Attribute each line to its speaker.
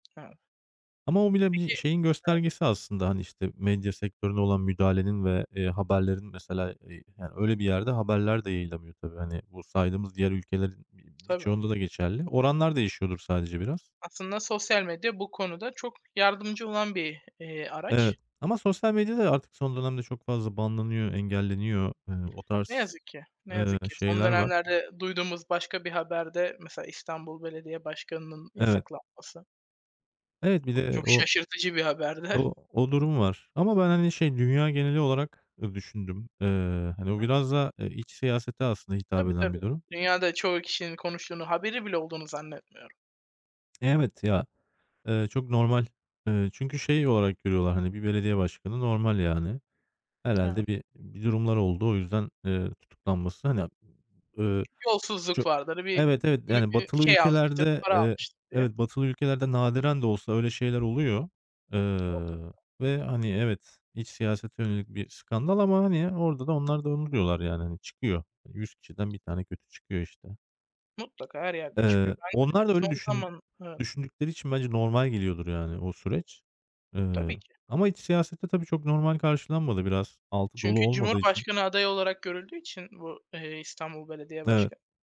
Speaker 1: Evet.
Speaker 2: Ama o bile
Speaker 1: Peki
Speaker 2: bir şeyin
Speaker 1: Evet.
Speaker 2: göstergesi aslında, hani, işte, medya sektörüne olan müdahalenin ve, eee, haberlerin mesela, eee yani öyle bir yerde haberler de yayılamıyor tabii. Hani, bu saydığımız diğer ülkelerin bi
Speaker 1: Tabii.
Speaker 2: birçoğunda da geçerli. Oranlar değişiyordur sadece biraz.
Speaker 1: Aslında sosyal medya bu konuda çok yardımcı olan bir, eee,
Speaker 2: Evet.
Speaker 1: araç.
Speaker 2: Ama sosyal medyada da artık son dönemde çok fazla ban'lanıyor engelleniyor. Eee, o
Speaker 1: Ne
Speaker 2: tarz,
Speaker 1: yazık ki, ne
Speaker 2: eee,
Speaker 1: yazık ki. Son
Speaker 2: şeyler var.
Speaker 1: dönemlerde duyduğumuz başka bir haber de mesela İstanbul Belediye Başkanı'nın
Speaker 2: Evet.
Speaker 1: yasaklanması.
Speaker 2: Evet bir
Speaker 1: O da
Speaker 2: de
Speaker 1: çok
Speaker 2: o
Speaker 1: şaşırtıcı bir haberdi.
Speaker 2: O o durum var. Ama ben, hani, şey, dünya geneli olarak, ııı, düşündüm. Eee, hani, o
Speaker 1: Hı.
Speaker 2: biraz da, eee, iç siyasete aslında hitap
Speaker 1: Tabii,
Speaker 2: eden bir
Speaker 1: tabii.
Speaker 2: durum.
Speaker 1: Dünyada çoğu kişinin konuştuğunu haberi bile olduğunu zannetmiyorum.
Speaker 2: Evet ya. Eee, çok normal. Eee, çünkü şey olarak görüyorlar, hani, bir belediye başkanı normal, yani. Herhâlde
Speaker 1: Evet.
Speaker 2: bir bir durumlar oldu. O yüzden, eee, tutuklanması, hani, ııı,
Speaker 1: Yolsuzluk
Speaker 2: çok
Speaker 1: vardır, bir
Speaker 2: Evet, evet,
Speaker 1: mü
Speaker 2: yani
Speaker 1: eee,
Speaker 2: batılı
Speaker 1: şey almıştır,
Speaker 2: ülkelerde
Speaker 1: para
Speaker 2: eee
Speaker 1: almıştır diye.
Speaker 2: Evet, batılı ülkelerde nadiren de olsa öyle şeyler oluyor, eee,
Speaker 1: [unintelligible]
Speaker 2: ve, hani, evet, iç siyasete yönelik bir skandal ama, hani, orada da onlar da onu diyorlar, yani, hani, çıkıyor. 100 kişiden 1 tane kötü çıkıyor, işte.
Speaker 1: Mutlaka, her yerde
Speaker 2: Eee,
Speaker 1: çıkıyor. Ben, eee,
Speaker 2: onlar da öyle
Speaker 1: son
Speaker 2: düşün
Speaker 1: zaman Evet.
Speaker 2: düşündükleri için bence normal geliyordur, yani, o süreç. Eee,
Speaker 1: Tabii ki.
Speaker 2: ama iç siyasette tabii, çok normal karşılanmadı. Biraz altı dolu
Speaker 1: Çünkü
Speaker 2: olmadığı için.
Speaker 1: cumhurbaşkanı adayı olarak görüldüğü için bu, eee, İstanbul Belediye
Speaker 2: Evet.
Speaker 1: Başkanı.